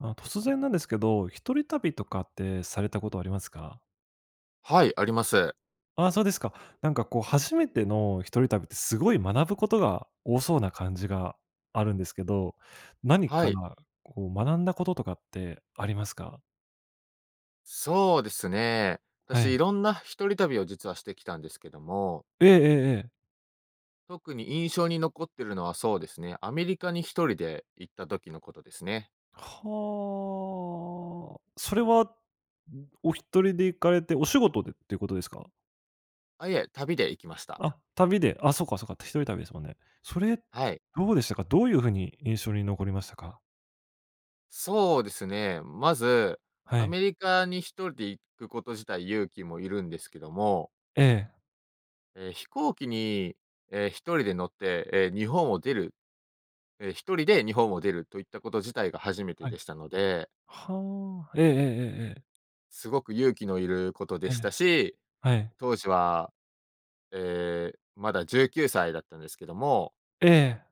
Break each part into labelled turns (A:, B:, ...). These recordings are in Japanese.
A: あ、突然なんですけど、一人旅とかってされたことありますか？
B: はい、あります。
A: あ、そうですか。なんか、こう、初めての一人旅って、すごい学ぶことが多そうな感じがあるんですけど、何
B: は
A: か、
B: い。
A: こう、学んだこととかってありますか？
B: そうですね。
A: は
B: 私、
A: い。
B: 色んな一人旅を実はしてきたんですけども
A: ええええええ。
B: 特に印象に残ってるのは、そうですね。アメリカに1人で行った時のことですね。
A: はあ、それは、んお1人で行かれて、お仕事でっていうことですか？
B: あ、いえ、旅で行きました。
A: あ、旅で。あ、そうかそうか、って一人旅ですもんね。それ、
B: はい。
A: どうでしたか？どういう風に印象に残りましたか？
B: そうですね。まず、
A: は
B: ア
A: い。
B: メリカに1人で行くこと自体、勇気もいるんですけども
A: ええ。
B: え、飛行機に、え、1人で乗って、え、日本を出る。え、1人で日本を出るといったこと自体が初めて
A: はい。
B: でしたので
A: はあ、ええええええええ。
B: すごく勇気のいることで
A: え
B: し
A: え、
B: たし、
A: はい。
B: 当時は、ええ、まだ19歳だったんですけども。
A: ええ。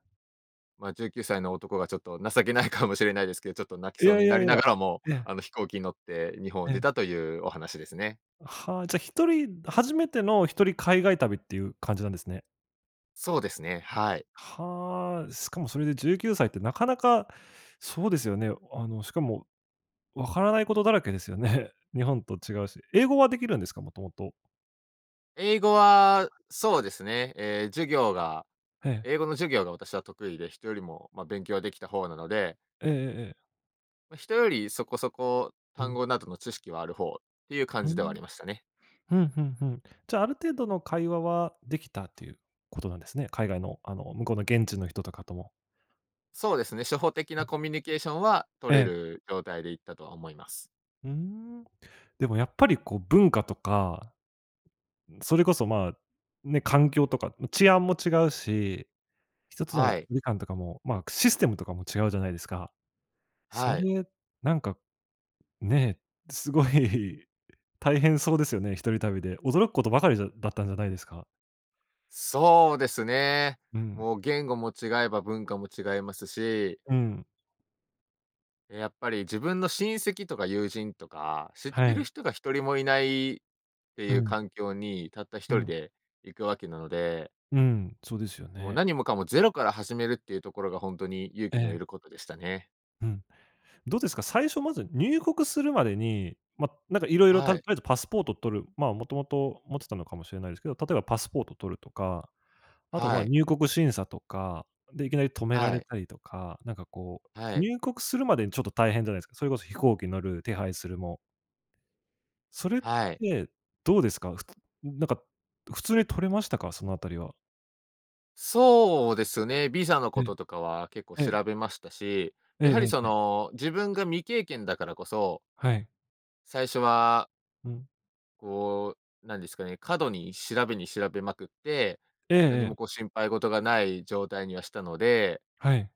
B: ま、19歳の男がちょっと情けないかもしれないですけど、ちょっと泣き
A: い
B: そう
A: やい
B: にな
A: や
B: り
A: い
B: な
A: や、
B: がらも、
A: ええ。
B: あの、飛行機乗って日本を
A: ええ。
B: 出たというお話ですね。
A: はあ、じゃ、1人、初めての1人海外旅っていう感じなんですね。
B: そうですね、はい。
A: はあ、しかもそれで19歳ってなかなかそうですよね。あの、しかも分からないことだらけですよね。日本と違うし、英語はできるんですか？もともと。
B: 英語は、そうですね、え、授業が、
A: ええ。
B: 英語の授業が私は得意で、人よりも、まあ、勉強はできた方なので
A: ええええええ。
B: まあ、人よりそこそこ
A: う
B: 単
A: ん。
B: 語などの知識はある方っていう感
A: うー
B: じではあ
A: ん、
B: りましたね。
A: ふんふんふん、じゃあある程度の会話は、できたっていうことなんですね、海外のあの向こうの現地の人とかとも。
B: そうですね、初歩的
A: う
B: な
A: ん。
B: コミュニケーションは
A: え
B: 取れ
A: え。
B: る状態で行ったとは思います。
A: うーん、でもやっぱりこう文化とか、それこそ、まあ、ね、環境とかう治安も違うし、1つ
B: は
A: の
B: い。
A: みかんとかも、まあ、システムとかも違うじゃないですか、そ
B: はい。
A: れ、なんか、ね、すごい大変そうですよね、一人旅で驚くことばかりじゃだったんじゃないですか。
B: そうですね。
A: うん。
B: もう言語も違えば文化も違いますし
A: うん。
B: やっぱり自分の親戚とか友人とか、知っ
A: は
B: てる
A: い。
B: 人が一人もいない、って
A: う
B: いう
A: ん。
B: 環境にたった一
A: う
B: 人
A: ん。
B: で行くわけなので。
A: うん、そうですよ
B: もう
A: ね。
B: 何もかもゼロから始めるっていうところがほんとに勇
A: え
B: 気の
A: え。
B: いることでしたね。
A: うん、どうですか？最初まず入国するまでに、ま、なんかいろいろ、た
B: は
A: とり
B: い。
A: あえずパスポート取る、まあ、もともと持ってたのかもしれないですけど、例えばパスポート取るとか、あとま
B: は
A: あ、
B: い。
A: 入国審査とか、で、いきなり止めら
B: は
A: れ
B: い。
A: たりとか、なんかこう、
B: はい。
A: 入国するまでにちょっと大変じゃないですか、それこそ飛行機乗る、手配するも。それっ
B: はい。
A: て、どうですか？ふつなんか普通に取れましたか？そのあたりは。
B: そうですね、ビザの
A: え
B: こ
A: え、
B: ととかは結構
A: ええ。
B: 調べましたし、
A: ええ
B: やは
A: え
B: り、
A: え
B: そ
A: ええ。
B: の、自分が未経験だからこそ
A: はい。
B: 最初は
A: うん。
B: こう、なんですかね、過度に調べに調べまくって、
A: ええ
B: 何
A: え
B: も
A: え。
B: こう心配事がない状態にはしたので
A: はい。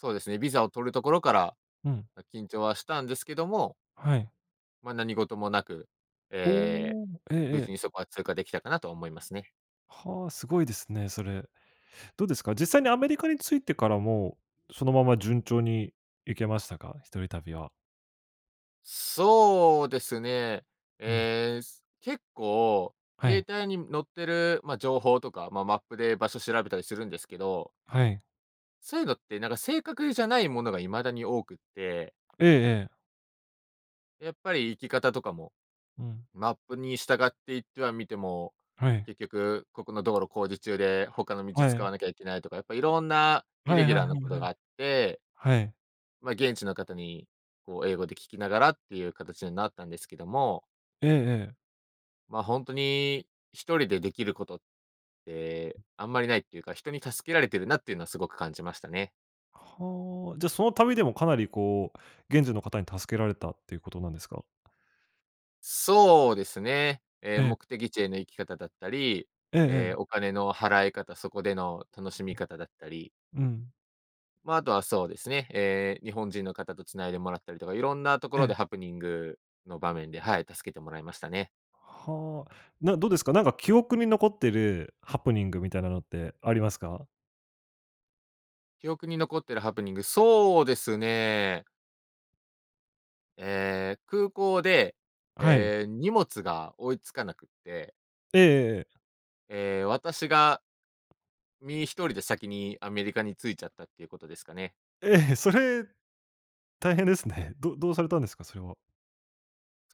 B: そうですね、ビザを取るところから、
A: うん。
B: ま、緊張はしたんですけども
A: はい。
B: ま、何事もなく、ええ、
A: おお。えええ
B: 無事
A: え。
B: にそこは通過できたかなと思いますね。
A: はあ、すごいですね、それ。どうですか、実際にアメリカに着いてからも、そのまま順調に行けましたか？一人旅は。
B: そうですね、
A: はい。
B: ええ、結構、
A: は
B: 携
A: い。
B: 帯に載ってる、ま、情報とか、ま、マップで場所調べたりするんですけど
A: はい。
B: そういうのって、なんか正確じゃないものがいまだに多くって
A: ええええ。
B: やっぱり行き方とかも、
A: うん。
B: マップに従っていってはみても、
A: はい。
B: 結局、ここの道路工事中で他の道
A: は
B: 使わ
A: い。
B: なきゃいけないとか、やっぱいろんなイ
A: は
B: レ
A: い
B: ギ
A: は
B: ュ
A: い
B: ラー
A: は
B: な
A: い
B: こ
A: は
B: とが
A: い。
B: あって
A: はい。
B: ま、現地の方に、こう英語で聞きながらっていう形になったんですけども
A: ええええ。
B: ま、本当に、1人で、できることって、あんまりないっていうか、人に助けられてるなっていうのはすごく感じましたね。
A: はあ、じゃ、その旅でもかなり、こう、現地の方に助けられたっていうことなんですか？
B: そうですね、え、
A: え。
B: 目的地への行き方だったり、
A: えええ
B: え、
A: え。
B: お金の払い方、そこでの楽しみ方だったり。
A: うん。
B: ま、あとはそうですね、え、日本人の方と繋いでもらったりとか、いろんなとこ
A: え
B: ろで
A: え。
B: ハプニングの場面で、はい。助けてもらいましたね。
A: はあ、などうですか？なんか記憶に残ってるハプニングみたいなのってありますか？
B: 記憶に残ってるハプニング、そうですね。ええ、空港で、
A: はい。
B: ええ、荷物が追いつかなくって
A: ええええええ。
B: ええ、私が身、1人で先にアメリカに着いちゃったっていうことですかね。
A: ええ、それ大変ですね。どどうされたんですか、それは？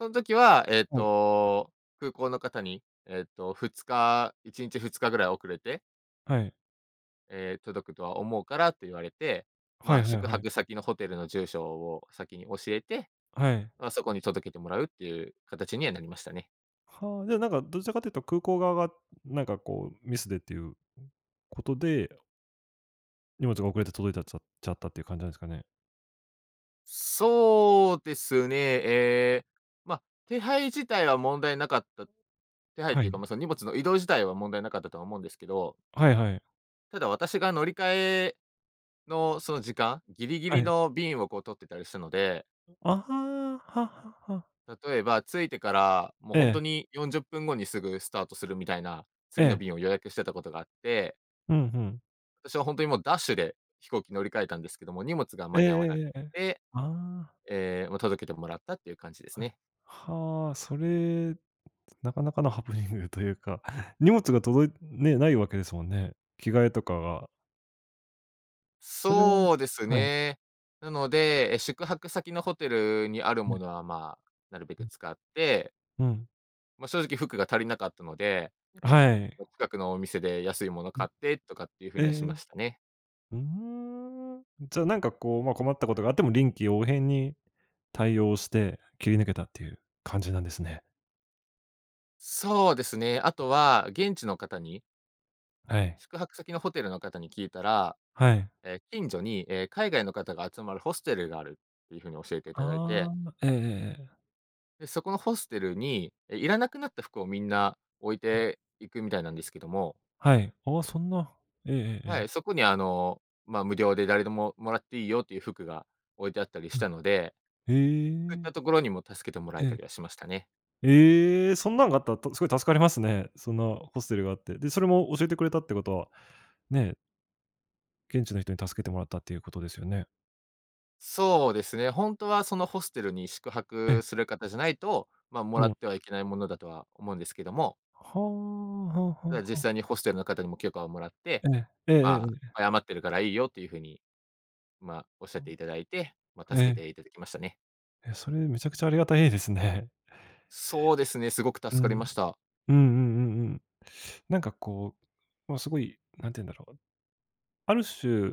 B: そん時は、えっ
A: はい。
B: と、空港の方に、えっと、2日1日、2日ぐらい遅れて
A: はい。
B: え、届くとは思うからと言われて、
A: は
B: まあ、
A: いはい
B: 宿
A: はい。
B: 泊先のホテルの住所を先に教えて、
A: はい。
B: まあ、そこに届けてもらうっていう形にはなりましたね。
A: はあ、ね。なんか、どちらかというと、空港側が、なんか、こう、ミスでっていうことで荷物が遅れて届いたっちゃちゃったっていう感じなんすかね？
B: そうですね、ええ、ま、手配自体は問題なかった。手配っ
A: は
B: ていうか、
A: い。
B: まあ、その荷物の、移動自体は問題なかったとは思うんですけど
A: はいはい。
B: ただ、私が乗り換えの、その時間、ギリギ
A: は
B: リ
A: い。
B: の便を、こう、取ってたりしたので。
A: あ、は、ははは。
B: 例えば、着いてから、もう、ほん
A: ええ。
B: とに40分後に、すぐスタートするみたいな、
A: え
B: 次の
A: え。
B: 便を予約してたことがあって
A: ふんふん。
B: 私はほんとに、もうダッシュで飛行機乗り換えたんですけども、荷物が
A: え
B: 間に合わなくっ
A: えええ。
B: て、
A: ああ。
B: ええ、もう届けてもらったっていう感じです
A: はい。
B: ね。
A: はあ、それ、なかなかのハプニングというか、荷物が届いね、ないわけですもんね。着替えとかが。それは
B: そうです
A: はい。
B: ね、なので、え、宿泊先のホテルにある
A: う
B: も
A: ん。
B: のは、ま、なるべ
A: う
B: く
A: ん。
B: 使って
A: うん。
B: ま、正直服が足りなかったので、
A: はい。
B: 近くのお店で安いもの
A: うん、
B: 買ってとかっていう風
A: え
B: にはしま
A: え、
B: したね。
A: うーん、じゃあなんかこう、ま、困ったことがあっても臨機応変に対応して切り抜けたっていう感じなんですね。
B: そうですね、あとは、現地の方に
A: ええ。
B: 宿泊先のホテルの方に聞いたら、
A: はい。
B: え、近所に、え、海外の方が集まるホステルがあるっていうふうに教えていただいて
A: ああ、ええええええ。
B: で、そこのホステルに、え、いらなくなった服をみんな置い
A: うん。
B: ていくみたいなんですけども。
A: はい、あ、そんなえええええ
B: は
A: え。
B: い、そこにあの、ま、無料で誰でももらっていいよっていう服が置いてあったりし
A: は
B: たので、
A: い、
B: そういっ
A: へえ。
B: たところにも助けてもら
A: え
B: えた
A: え。
B: りはしましたね。
A: ええ、そんなんがあったら、と、すごい助かりますね、そんなホステルがあって、で、それも教えてくれたってことは、ね。現地の人に助けてもらったということですよね。
B: そうですね、本当はそのホステルに宿
A: え。
B: 泊する方じゃないと、ま、も
A: も
B: らっ
A: う。
B: てはいけないものだとは思うんですけども。
A: はあ、はあはあ
B: ただ
A: は
B: 実
A: あ。
B: 際にホステルの方にも許可をもらって、
A: ええ、ええええええ
B: ま、
A: ええ。
B: 謝ってるからいいよっていうふうに、ま、おっしゃっ
A: あ
B: ていただいて、ま、
A: あ、え
B: 助け
A: え。
B: ていただきましたね。
A: え、それめちゃくちゃありがたいですね。
B: そうですね、すごく
A: うん、
B: 助かりました。
A: うんうんうんうん、なんかこう、ま、すごい何て言うんだろう、ある種、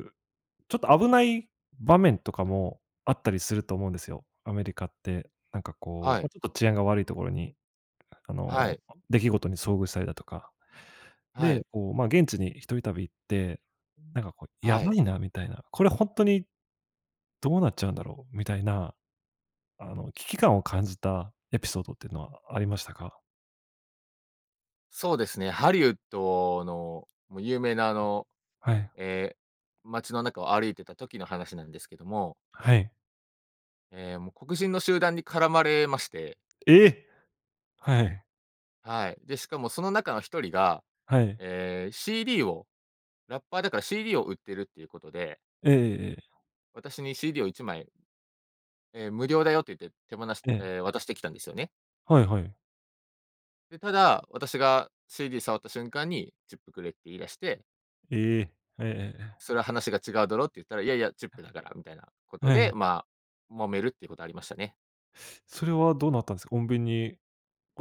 A: ちょっと危ない場面とかもあったりすると思うんですよ、アメリカって、なんかこ
B: は
A: う、
B: い。
A: ま、ちょっと治安が悪いところに、あ
B: は
A: の、
B: い。
A: 出来事に遭遇されたとか。
B: はい。
A: で、こう、ま、現地に一人旅って、なんかこうや
B: は
A: ば
B: い。
A: いなみたいな、これ本当に、どうなっちゃうんだろうみたいな、あの危機感を感じたエピソードっていうのはありましたか？
B: そうですね、ハリウッドの有名なあの、
A: はい。
B: え、街の中を歩いてた時の話なんですけども。
A: はい。
B: え、もう黒人の集団に絡まれまして。
A: え、はい。
B: はい、で、しかもその中の1人が、
A: はい。
B: ええ、CD を、ラッパーだから CD を売ってるっていうことで
A: ええええ。
B: 私に CD を1枚え、無料だよと言って手放し
A: ええ。
B: え、渡してきたんですよね。
A: はいはい。
B: で、ただ、私が CD 触った瞬間にチップくれって言い出して
A: え！ええええええ。
B: 「それは話が違うだろ」って言ったら「いやいや、チップだから」みたいなこ
A: え
B: とで、
A: え。
B: ま、揉めるっていうことありましたね。
A: それはどうなったんすか？穏便に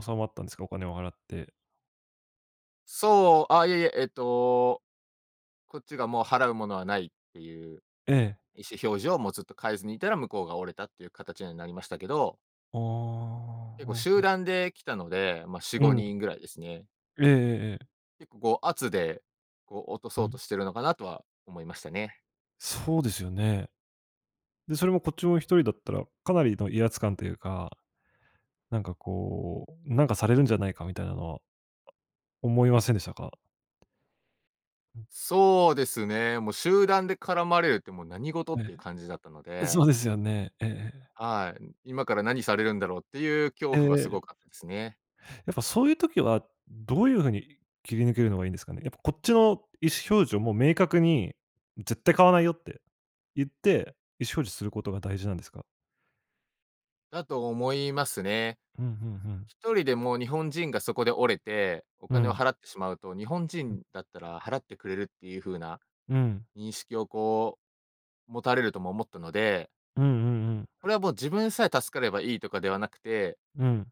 A: 収まったんですか？お金を払って。
B: そう、あいえいえ、えっと、こっちがもう払うものはないっていう
A: ええ。
B: 意思表示を、もうずっと変えずにいたら、向こうが折れたっていう形にはなりましたけど。
A: あ
B: 結
A: あ、う
B: 構
A: んう
B: 集
A: ん。
B: 団で来たので、ま、し
A: う
B: ご
A: ん。
B: にんぐらいですね。
A: ええええええ。
B: 結構、こう、圧で、こう落と
A: う
B: そうと
A: ん。
B: してるのかなとは思いましたね。
A: そうですよね。で、それもこっちも1人だったら、かなりの威圧感というか、なんかこう、なんかされるんじゃないかみたいなのは、思いませんでしたか？
B: そうですね、もう集団で絡まれるってもう何事っ
A: え
B: ていう感じだったの
A: え、そ
B: で。
A: うですよね、ええええ。
B: はい、う今から何されるんだろうっていう恐
A: え
B: 怖はす
A: え。
B: ごかったすね。
A: やっぱそういう時は、どういう風に切り抜けるのがいいんですかね、やっぱこっちの意思表示をもう明確に「絶対買わないよ」って言って、意思表示することが大事なんですか？
B: だと思いますね。
A: うん、ふんふん。
B: 1人でも日本人がそこで折れて、お
A: う
B: 金を
A: ん。
B: 払ってしまうと、日本
A: うん。
B: 人だったら払ってくれるっていう風な、
A: うん。
B: 認識をこう、持たれるとも思ったので
A: うんうんうん。
B: これはもう自分さえ助かればいいとかではなくて
A: うん。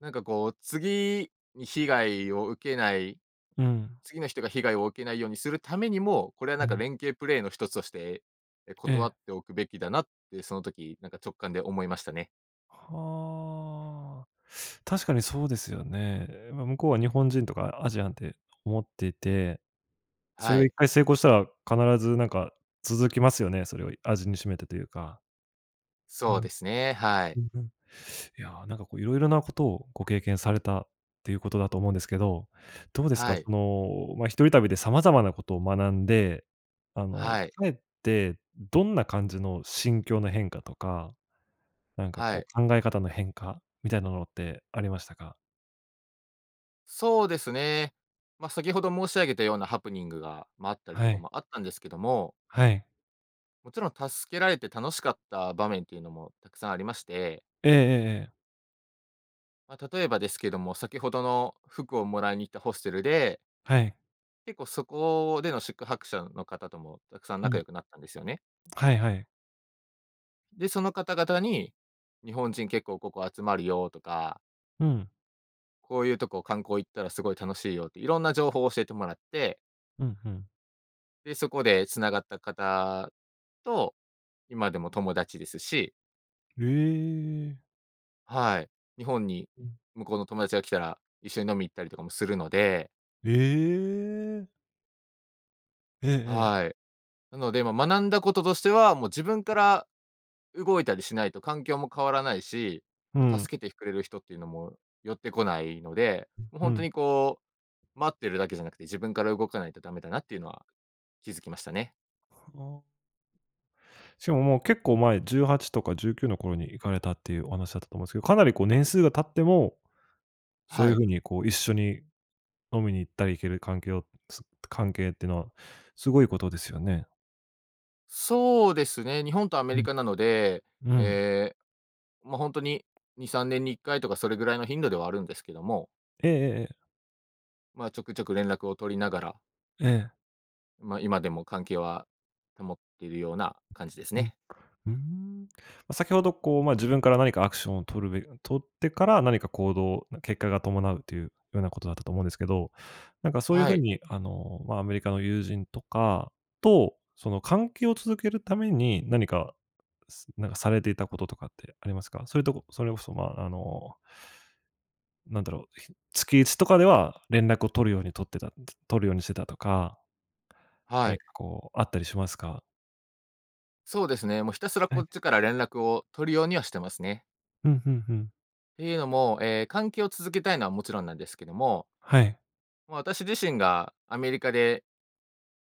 B: なんかこう次に被害を受けない、
A: うん。
B: 次の人が被害を受けないようにするためにも、これはなん
A: う
B: か
A: ん。
B: 連携プレーの一つとして、え、
A: え
B: 断
A: え。
B: っておくべきだなってその時なんか直感で思いましたね。
A: はあ、確かにそうですよね。ま、向こうは日本人とかアジアンって思っていて、それ
B: は
A: がいっ
B: い。
A: かい成功したら、必ずなんか続きますよね、それを味にしめてというか。う
B: そ
A: ん。
B: うですね、はい。
A: うんうん。いや、なんかこう色々なことをご経験されたっていうことだと思うんですけど。どうですか？
B: はい。
A: その、ま、一人旅で様々なことを学んで、あの
B: はい。
A: 帰ってどんな感じの心境の変化とか、なんか
B: は
A: こう
B: い。
A: 考え方の変化みたいなものってありましたか？
B: そうですね、ま、先ほど申し上げたようなハプニングが、ま、あったりと
A: は
B: か
A: い。
B: もあったんですけども
A: はい。
B: もちろん助けられて楽しかった場面というのもたくさんありまして
A: ええええええ。
B: ま、例えばですけども、先ほどの服をもらいに行ったホステルで
A: はい。
B: 結構そこでの宿泊者の方ともたくさん
A: う
B: 仲
A: ん。
B: 良くなったんですよね。
A: はいはい。
B: で、その方々に、日本人結構ここ集まるよとか
A: うん。
B: こういうとこ観光行ったらすごい楽しいよって、いろんな情報を教えてもらって
A: うん、ふん。
B: で、そこで繋がった方と、今でも友達ですし。
A: へえ。
B: はい。日本に
A: うん。
B: 向こうの友達が来たら、一緒に飲みに行ったりとかもするので。
A: ええ。ええええ。
B: はい。なので、ま、学んだこととしては、もう自分から動いたりしないと環境も変わらないし、
A: う
B: ま、
A: ん。
B: 助けてくれる人っていうのも、寄ってこないので、もう
A: う
B: ほんと
A: ん。
B: にこう、待ってるだけじゃなくて自分から動かないとダメだなっていうのは、気づきましたね。
A: はあ。しかももう結構前、18とか19の頃に行かれたっていうお話だったと思うんですけど、かなりこう年数が経っても、そう
B: は
A: いう
B: い。
A: 風にこう一緒に飲みに行ったり行ける関係を、す関係っていうのはすごいことですよね。
B: そうですね、日本とアメ
A: う
B: リ
A: ん、
B: カなので、
A: うん。
B: え、ま、ほんとに2、3年に1回とかそれぐらいの頻度ではあるんですけども。
A: ええええええ。
B: ま、ちょくちょく連絡を取りながら
A: ええ。
B: まあ、今でも関係は、保っているような感じです
A: うん、
B: ね。
A: うーん。先ほどこう、まあ、自分から何かアクションを取るべ取ってから何か行動、結果が伴うというようなことだったと思うんですけど、なんかそういう
B: は
A: 風
B: い。
A: に、あの、ま、アメリカの友人とかと、その関係を続けるために、何かすなんかされていたこととかってありますか？そういうとこそれこそ、ま、あのなんだろう、ひ月一とかでは連絡を取るように取ってた、取るようにしてたとか
B: は
A: 何
B: い。
A: かこう、あったりしますか？
B: そうですね、もうひたすら
A: は
B: こ
A: い。
B: っちから連絡を取るようにはしてますね。
A: うん、ふんふん。
B: ていうのも、え、関係を続けたいのはもちろんなんですけども
A: はい。
B: まあ、私自身がアメリカで、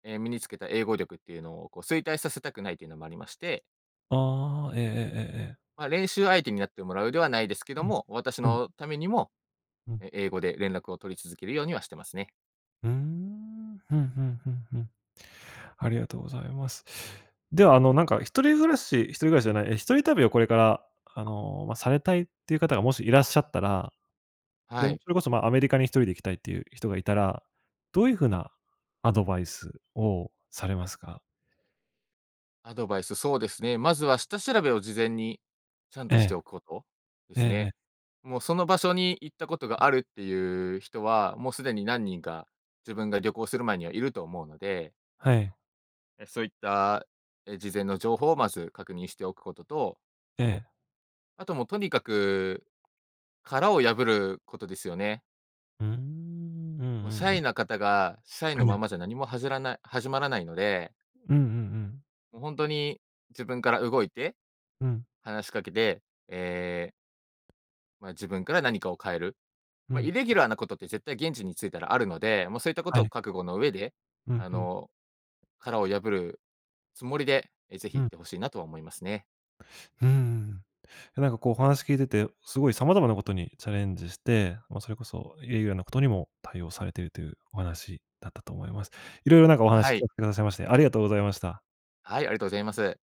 B: え、身につけた英語力っていうのをこう衰退させたくないというのもありまして
A: ああ、ええええええええ。
B: ま、練習相手になってもらうではないですけど
A: うん、
B: も、私
A: うん。
B: のためにも、
A: うん。
B: え英語で連絡を取り続けるようにはしてますね。
A: うーん。ふんふんふんふん。ありがとうございます。では、あの、なんか一人暮らし一人暮らしじゃない、え、一人旅をこれから、あの、ま、されたいっていう方がもしいらっしゃったら、で
B: は
A: も
B: い。
A: それこそ、ま、アメリカに1人で行きたいっていう人がいたら、どういう風なアドバイスをされますか？
B: アドバイス、そうですね、まずは下調べを事前にちゃん
A: え
B: として
A: え。
B: おくこと、で
A: え
B: す
A: ええ
B: ね。
A: え。
B: もう、その場所に行ったこと
A: う
B: が
A: ん。
B: あるっていう人は、もうすでに何人か、自分が旅行する前にはいると思うので
A: はい。
B: え、そういったえ、事前の情報をまず確認しておくことと
A: ええ。
B: あともうとにかく、殻を破ることですよね。
A: うーん、うん
B: もうシ
A: うん
B: ャ
A: う
B: イ
A: ん。
B: な方が、シャイの
A: ええ。
B: ままじゃ何もはずらない始まらないので。
A: うんうんうん。
B: もう本当に自分から動いて、
A: うん。
B: 話しかけで、ええま、自分から何かを変える。
A: う
B: ま、イ
A: ん。
B: レギュラーなことって絶対現地に着いたらあるので、ま、そういったこ
A: は
B: とを
A: い。
B: 覚悟の上で、
A: うん
B: あ
A: うん。
B: の、殻を破るつもりで、え、是非
A: う
B: 行
A: ん。
B: って欲しいなとは思いますね。
A: うーん、いやなんかこうお話聞いてて、すごい様々なことにチャレンジして、ま、それこそイレギュラーなことにも対応されているというお話だったと思います。色々なんかお話
B: は
A: 聞か
B: い。
A: せてくださいましてありがとうございました。
B: はい、ありがとうございます。